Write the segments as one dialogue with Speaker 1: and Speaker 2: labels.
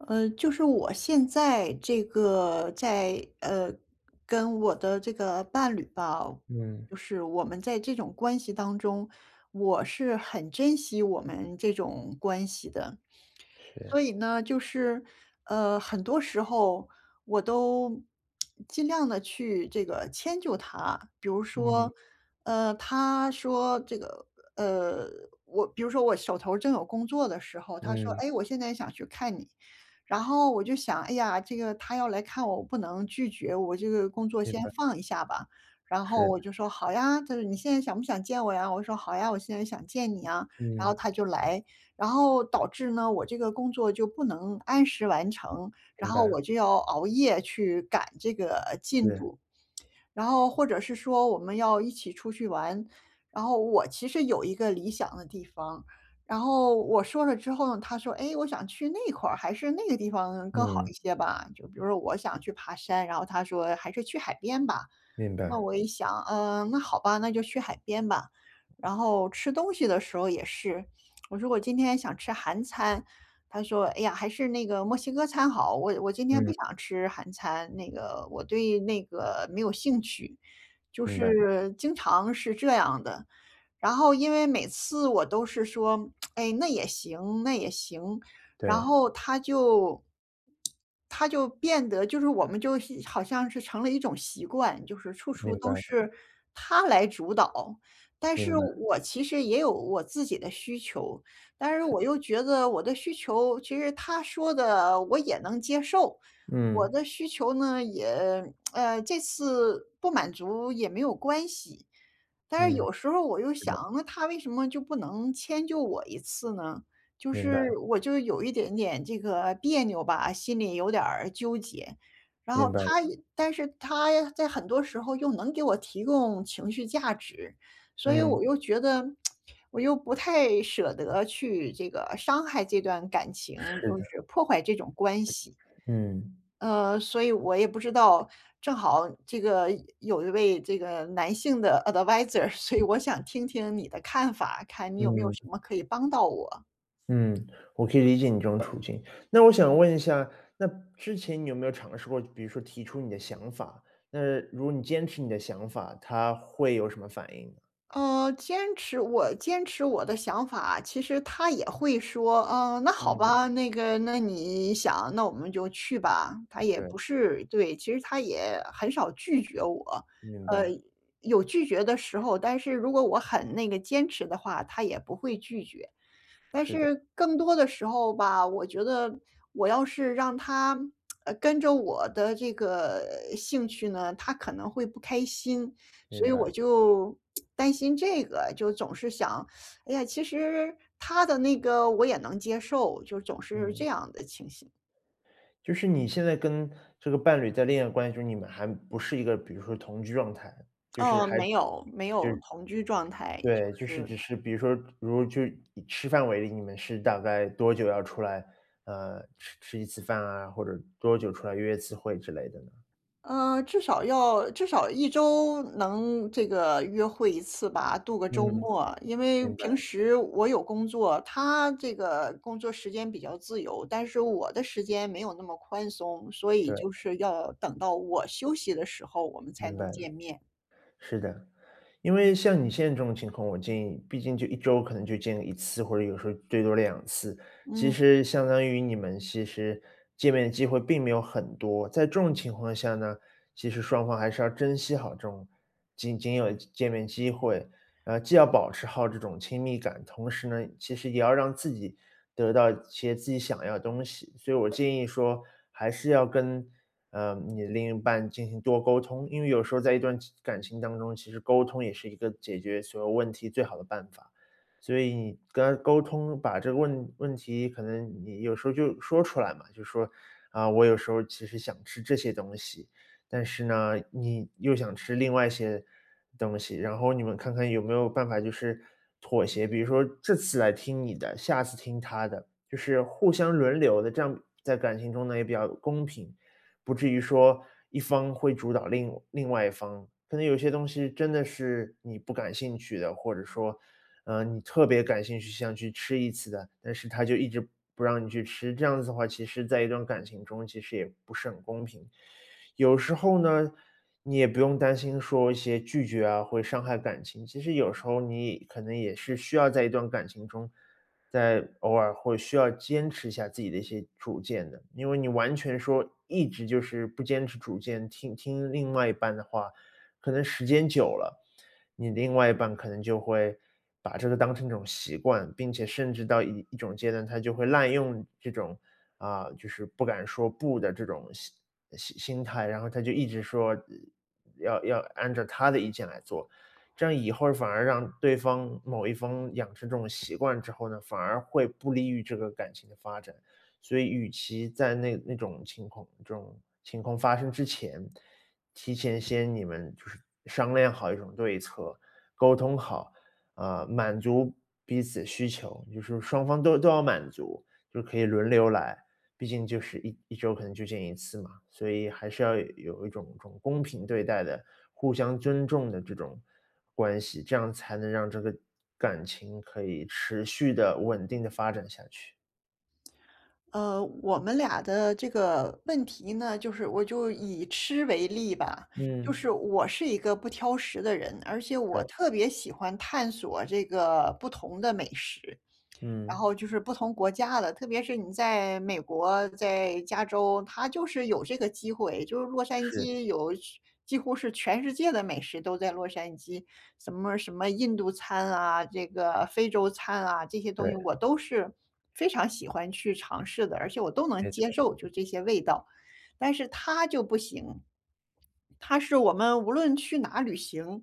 Speaker 1: 呃，就是我现在这个在，呃，跟我的这个伴侣吧，
Speaker 2: 嗯。
Speaker 1: 不是我们在这种关系当中，我是很珍惜我们这种关系的。所
Speaker 2: 是。
Speaker 1: 以呢就是，呃，很多时候我都 尽量地去这个迁就他，比如
Speaker 2: 嗯。
Speaker 1: 说，呃，他说这个呃，我比如说我手头正有工作的时候，他说：
Speaker 2: 嗯。
Speaker 1: “哎，我现在想去看你。”然后我就想，哎呀，这个他要来看我，我不能拒绝我这个工作
Speaker 2: 明
Speaker 1: 先
Speaker 2: 白。
Speaker 1: 放一下吧，然后
Speaker 2: 是。
Speaker 1: 我就说：“好呀。“他就说：“你现在想不想见我呀？“我就说：”好呀，我现在想见你呀，“然后
Speaker 2: 嗯。
Speaker 1: 他就来，然后导致呢，我这个工作就不能按时完成，然
Speaker 2: 明
Speaker 1: 后
Speaker 2: 白。
Speaker 1: 我就要熬夜去赶这个进
Speaker 2: 是。
Speaker 1: 度，然后或者是说我们要一起出去玩。然后我其实有一个理想的地方，然后我说了之后，他说：“哎，我想去那块儿，还是那个地方更好
Speaker 2: 嗯。
Speaker 1: 一些吧，”就比如说我想去爬山，然后他说还是去海边吧。
Speaker 2: 明
Speaker 1: 那
Speaker 2: 白。
Speaker 1: 我一想，嗯，那好吧，那就去海边吧。然后吃东西的时候也是。我说我今天想吃韩餐，他说：“哎呀，还是那个墨西哥餐好，我我今天不
Speaker 2: 嗯。
Speaker 1: 想吃韩餐，那个我对那个没有兴趣。“就
Speaker 2: 明白。
Speaker 1: 是经常是这样的，然后因为每次我都是说：“哎，那也行那也行，”然
Speaker 2: 对。
Speaker 1: 后他就 他就变得就是我们就是好像是成了一种习惯，就是处处
Speaker 2: 明白
Speaker 1: 都
Speaker 2: 了。
Speaker 1: 是他来主导，但
Speaker 2: 明
Speaker 1: 是
Speaker 2: 白。
Speaker 1: 我其实也有我自己的需求，但是
Speaker 2: 是。
Speaker 1: 我又觉得我的需求，其实他说的我也能接受，我
Speaker 2: 嗯。
Speaker 1: 的需求呢，也，呃，这次不满足也没有关系。但是
Speaker 2: 嗯，
Speaker 1: 有时候我又
Speaker 2: 是的。
Speaker 1: 想，那他为什么就不能迁就我一次呢？就
Speaker 2: 明白。
Speaker 1: 是我就有一点点这个别扭吧，心里有点儿纠结，然
Speaker 2: 明
Speaker 1: 后
Speaker 2: 白
Speaker 1: 他
Speaker 2: 了。
Speaker 1: 但是他在很多时候又能给我提供情绪价值，所以
Speaker 2: 嗯。
Speaker 1: 我又觉得 我又不太舍得去这个伤害这段感情，
Speaker 2: 是
Speaker 1: 就
Speaker 2: 的。
Speaker 1: 是破坏这种关系。
Speaker 2: 嗯。
Speaker 1: 呃，所以我也不知道，正好这个有一位这个男性的 Adviser，所以我想听听你的看法，看你有没有什
Speaker 2: 嗯。
Speaker 1: 么可以帮到我？
Speaker 2: 嗯，我可以理解你这种处境。那我想问一下，那之前你有没有尝试过，比如说提出你的想法，那如果你坚持你的想法，他会有什么反应？
Speaker 1: 呃，坚持我坚持我的想法，其实他也会说，呃，那好
Speaker 2: 嗯。
Speaker 1: 吧，那个那你想那我们就去吧，他也
Speaker 2: 对。
Speaker 1: 不是对，其实他也很少拒绝我，
Speaker 2: 明
Speaker 1: 呃，
Speaker 2: 白。
Speaker 1: 有拒绝的时候，但是如果我很那个坚持的话，他也不会拒绝。但
Speaker 2: 是的。
Speaker 1: 是更多的时候吧，我觉得我要是让他 呃，跟着我的这个兴趣呢，他可能会不开心，所
Speaker 2: 明
Speaker 1: 以
Speaker 2: 白。
Speaker 1: 我就担心这个，就总是想，哎呀，其实他的那个我也能接受，就总是这
Speaker 2: 嗯。
Speaker 1: 样的情形。
Speaker 2: 就是你现在跟这个伴侣在恋爱关系中，你们还不是一个比如说同居状态，就是
Speaker 1: 嗯，
Speaker 2: 还
Speaker 1: 没有，没
Speaker 2: 就
Speaker 1: 有
Speaker 2: 是
Speaker 1: 同居状态，就
Speaker 2: 对，就是
Speaker 1: 是
Speaker 2: 只是，比如说如果去以吃饭为例，你们是大概多久要出来，呃，吃吃一次饭啊，或者多久出来约一次会之类的呢？
Speaker 1: 呃，至少要至少1周能这个约会1次吧，度个周
Speaker 2: 嗯。
Speaker 1: 末，因为
Speaker 2: 明
Speaker 1: 平
Speaker 2: 白。
Speaker 1: 时我有工作，他这个工作时间比较自由，但是我的时间没有那么宽松，所以
Speaker 2: 对。
Speaker 1: 就是要等到我休息的时候，我们才
Speaker 2: 明
Speaker 1: 能
Speaker 2: 白了。
Speaker 1: 见面。
Speaker 2: 是的，因为像你现在这种情况，我建议，毕竟就1周可能就见1次，或者有时候最多2次，其
Speaker 1: 嗯。
Speaker 2: 实相当于你们其实见面的机会并没有很多。在这种情况下呢，其实双方还是要珍惜好这种仅仅有见面机会，呃，既要保持好这种亲密感，同时呢，其实也要让自己得到一些自己想要的东西。所以我建议说，还是要跟，呃，你另一半进行多沟通，因为有时候在一段情感情当中，其实沟通也是一个解决所有问题最好的办法。所以你跟他沟通，把这个问问题，可能你有时候就说出来嘛，就说，啊，我有时候其实想吃这些东西，但是呢，你又想吃另外一些东西，然后你们看看有没有办法就是妥协，比如说这次来听你的，下次听他的，就是互相轮流的，这样在感情中呢，也比较公平。不至于说一方会主导另另外一方，可能有些东西真的是你不感兴趣的，或者说，呃，你特别感兴趣，想去吃一次的，但是他就一直不让你去吃，这样子的话，其实在一段感情中，其实也不是很公平。有时候呢，你也不用担心说一些拒绝啊，会伤害感情。其实有时候你可能也是需要在一段感情中，在偶尔会需要坚持一下自己的一些主见的。因为你完全说，一直就是不坚持主见，听听另外一半的话，可能时间久了，你的另外一半可能就会，把这个当成一种习惯，并且甚至到一一种阶段，他就会滥用这种，啊，就是不敢说不的这种心心心态，然后他就一直说，要要按照他的意见来做。这样以后反而让对方某一方养成这种习惯之后呢，反而会不利于这个感情的发展。所以与其在那那种情况，这种情况发生之前，提前先你们就是商量好一种对策，沟通好，啊，满足彼此需求，就是双方都都要满足，就可以轮流来，毕竟就是11周可能就见1次嘛。所以还是要有有一种一种公平对待的，互相尊重的这种关系，这样才能让这个感情可以持续的、稳定地发展下去。
Speaker 1: 呃，我们俩的这个问题呢，就是我就以吃为例吧。就是
Speaker 2: 嗯。
Speaker 1: 我是一个不挑食的人，而且我
Speaker 2: 对。
Speaker 1: 特别喜欢探索这个不同的美食，然
Speaker 2: 嗯。
Speaker 1: 后就是不同国家的。特别是你在美国，在加州，它就是有这个机会，就是洛杉
Speaker 2: 是。
Speaker 1: 矶有去几乎是全世界的美食都在洛杉矶。什么什么印度餐啊，这个非洲餐啊，这些东西
Speaker 2: 对。
Speaker 1: 我都是非常喜欢去尝试的，而且我都能
Speaker 2: 没
Speaker 1: 接
Speaker 2: 错。
Speaker 1: 受，就这些味道。但是他就不行。他是我们无论去哪旅行，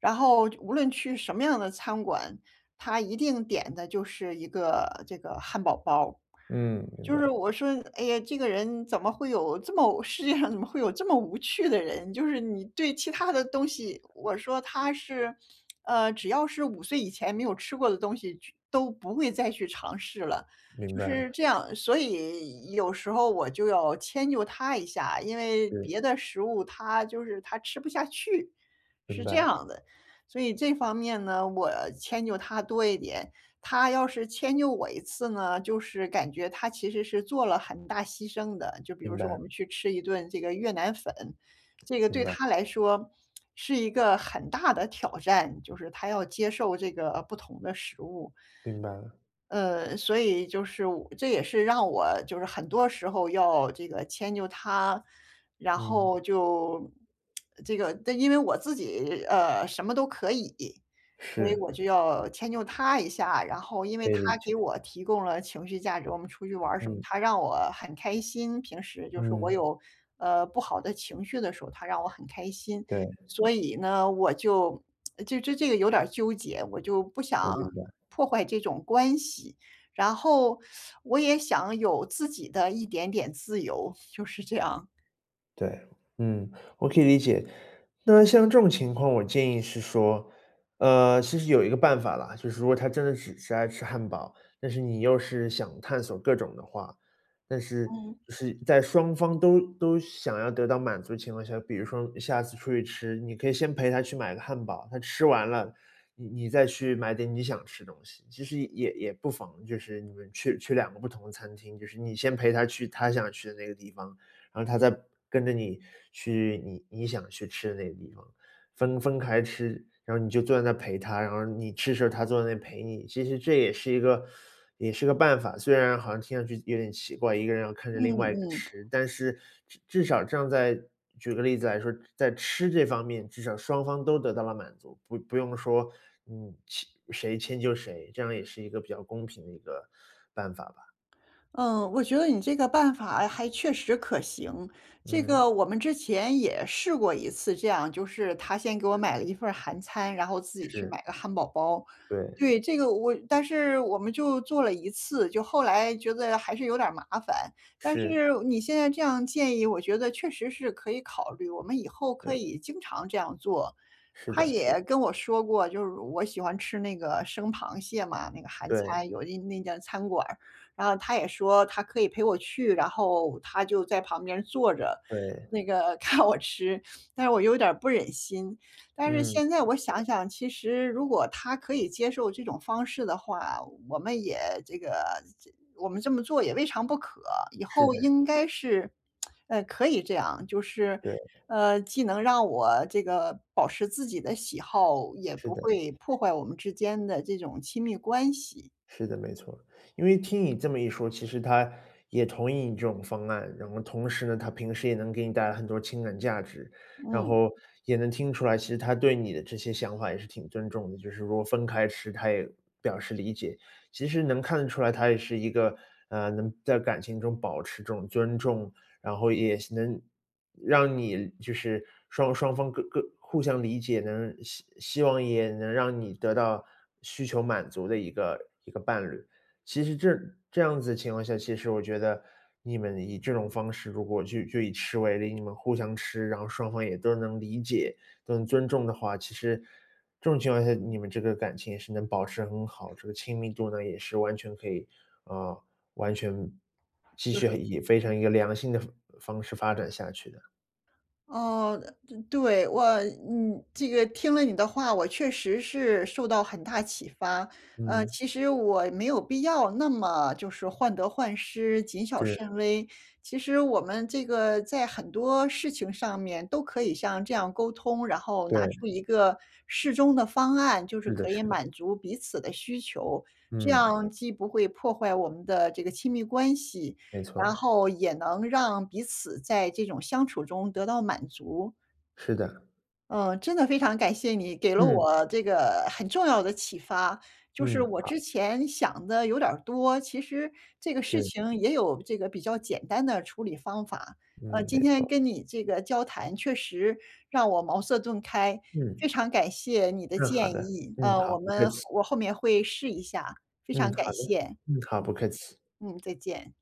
Speaker 1: 然后无论去什么样的餐馆，他一定点的就是一个这个汉堡包。
Speaker 2: 嗯，明
Speaker 1: 就是
Speaker 2: 白。
Speaker 1: 我说，哎呀，这个人怎么会有这么世界上怎么会有这么无趣的人，就是你对其它的东西，我说他是，呃，只要是5岁以前没有吃过的东西去都不会再去尝试了，
Speaker 2: 明
Speaker 1: 就是
Speaker 2: 白。
Speaker 1: 这样。所以有时候我就要迁就他一下，因为
Speaker 2: 对。
Speaker 1: 别的食物他就是他吃不下去，
Speaker 2: 明
Speaker 1: 是这
Speaker 2: 白。
Speaker 1: 样的。所以这方面呢，我迁就他多一点，他要是迁就我一次呢，就是感觉他其实是做了很大牺牲的。就比如
Speaker 2: 明
Speaker 1: 说我
Speaker 2: 白。
Speaker 1: 们去吃一顿这个越南粉，这个
Speaker 2: 明
Speaker 1: 对
Speaker 2: 白。
Speaker 1: 他来说是一个很大的挑战，就是他要接受这个不同的食物。
Speaker 2: 明白了。
Speaker 1: 呃，所以就是我这也是让我就是很多时候要这个迁就他，然
Speaker 2: 嗯。
Speaker 1: 后就 这个因为我自己，呃，什么都可以，所以
Speaker 2: 是。
Speaker 1: 我就要迁就他一下。然后因为
Speaker 2: 可以
Speaker 1: 他
Speaker 2: 理
Speaker 1: 给
Speaker 2: 解。
Speaker 1: 我提供了情绪价值，我们出去玩儿什么，
Speaker 2: 嗯。
Speaker 1: 他让我很开心，平时就是我
Speaker 2: 嗯。
Speaker 1: 有，呃，不好的情绪的时候，他让我很开心。
Speaker 2: 对。
Speaker 1: 所以呢，我就这这这个有点儿纠结，我就不
Speaker 2: 我明
Speaker 1: 想
Speaker 2: 白。
Speaker 1: 破坏这种关系。然后 我也想有自己的一点点自由，就是这样。
Speaker 2: 对，嗯，我可以理解。那像这种情况，我建议是说，呃，其实有一个办法啦，就是说他真的只是爱吃汉堡，但是你又是想探索各种的话，但是
Speaker 1: 嗯。
Speaker 2: 是在双方都都想要得到满足的情况下，比如说下次出去吃，你可以先陪他去买个汉堡，他吃完了，你你再去买点你想吃的东西，其实也也不妨，就是你们去去两个不同的餐厅，就是你先陪他去他想去的那个地方，然后他再跟着你去你你想去吃的那个地方，分分开吃，然后你就坐在那儿陪他，然后你吃的时候他坐在那里陪你。其实这也是一个也是个办法，虽然好像听上去有点奇怪，一个人要看着
Speaker 1: 嗯，
Speaker 2: 另外一个
Speaker 1: 嗯。
Speaker 2: 吃，但是至至少这样在举个例子来说，在吃这方面，至少双方都得到了满足，不不用说，嗯，谁谁迁就谁，这样也是一个比较公平的一个办法吧。
Speaker 1: 嗯，我觉得你这个办法还确实可行。这
Speaker 2: 嗯。
Speaker 1: 个我们之前也试过一次这样，就是他先给我
Speaker 2: 是。
Speaker 1: 买了1份儿韩餐，然后自己去
Speaker 2: 是。
Speaker 1: 买个汉堡包，
Speaker 2: 对。
Speaker 1: 对，这个我但是我们就做了1次，就后来觉得还是有点儿麻烦。但
Speaker 2: 是。
Speaker 1: 是你现在这样建议，我觉得确实是可以考虑，我们以后可
Speaker 2: 对。
Speaker 1: 以经常这样做，
Speaker 2: 是
Speaker 1: 他
Speaker 2: 的是的。
Speaker 1: 也跟我说过就是我喜欢吃那个生螃蟹嘛，那个韩
Speaker 2: 对。
Speaker 1: 餐有一那家餐馆儿，然后他也说他可以陪我去，然后他就在旁边坐着，
Speaker 2: 对。
Speaker 1: 那个看我吃，但是我有点儿不忍心。但是
Speaker 2: 嗯，
Speaker 1: 现在我
Speaker 2: 理解。
Speaker 1: 想想，其实如果他可以接受这种方式的话，我们也这个这我们这么做也未尝不可。以
Speaker 2: 是的
Speaker 1: 后
Speaker 2: 是
Speaker 1: 应
Speaker 2: 的。
Speaker 1: 该是，呃，可以这样，就是，
Speaker 2: 对。
Speaker 1: 呃，既能让我这个保持自己的喜好，也
Speaker 2: 是
Speaker 1: 不
Speaker 2: 的。
Speaker 1: 会破坏我们之间的这种亲密关系。
Speaker 2: 是的，没错。因为听你这么一说，其实他也同意你这种方案，然后同时呢，他平时也能给你带来很多情感价值，然
Speaker 1: 嗯。
Speaker 2: 后也能听出来，其实他对你的这些想法也是挺尊重的，就是说分开吃，他也表示理解。其实能看得出来，他也是一个，呃，能在感情中保持这种尊重，然后也能，让你就是双双方各各互相理解能，希希望也能让你得到需求满足的一个一个伴侣。其实这这样子情况下，其实我觉得你们以这种方式，如果就就以吃为例，你们互相吃，然后双方也都能理解，都能尊重的话，其实这种情况下，你们这个感情是能保持很好，这个亲密度呢，也是完全可以呃，完全继
Speaker 1: 就
Speaker 2: 续
Speaker 1: 是
Speaker 2: 以非常一个良性的方方式发展下去的。
Speaker 1: 哦，呃对，我你这个听了你的话，我确实是受到很大启发，呃，
Speaker 2: 嗯。
Speaker 1: 其实我没有必要那么，就是患得患失，谨小
Speaker 2: 是。
Speaker 1: 慎微，其实我们这个在很多事情上面都可以像这样沟通，然后拿
Speaker 2: 对。
Speaker 1: 出一个适中的方案，就是
Speaker 2: 是的
Speaker 1: 可以
Speaker 2: 是的。
Speaker 1: 满足彼此的需求，这
Speaker 2: 嗯。
Speaker 1: 样既不会破坏我们的这个亲密关系，
Speaker 2: 没
Speaker 1: 然
Speaker 2: 错。
Speaker 1: 后也能让彼此在这种相处中得到满足。
Speaker 2: 是的。
Speaker 1: 嗯，真的非常感谢你给了
Speaker 2: 嗯。
Speaker 1: 我这个很重要的启发，就是
Speaker 2: 嗯，
Speaker 1: 我
Speaker 2: 好。
Speaker 1: 之前想的有点儿多，其实这个事
Speaker 2: 是。
Speaker 1: 情也有这个比较简单的处理方法，呃，
Speaker 2: 嗯，
Speaker 1: 今
Speaker 2: 没
Speaker 1: 天
Speaker 2: 错。
Speaker 1: 跟你这个交谈确实让我茅塞顿开，
Speaker 2: 嗯。
Speaker 1: 非常感谢你的
Speaker 2: 嗯，好
Speaker 1: 建
Speaker 2: 的，
Speaker 1: 议，
Speaker 2: 嗯，
Speaker 1: 呃，
Speaker 2: 好，
Speaker 1: 我
Speaker 2: 不客
Speaker 1: 们后
Speaker 2: 气。
Speaker 1: 我后面会试一下，非常
Speaker 2: 嗯，
Speaker 1: 感
Speaker 2: 好的，
Speaker 1: 谢，
Speaker 2: 嗯，好，不
Speaker 1: 嗯，
Speaker 2: 客气。
Speaker 1: 嗯，再见。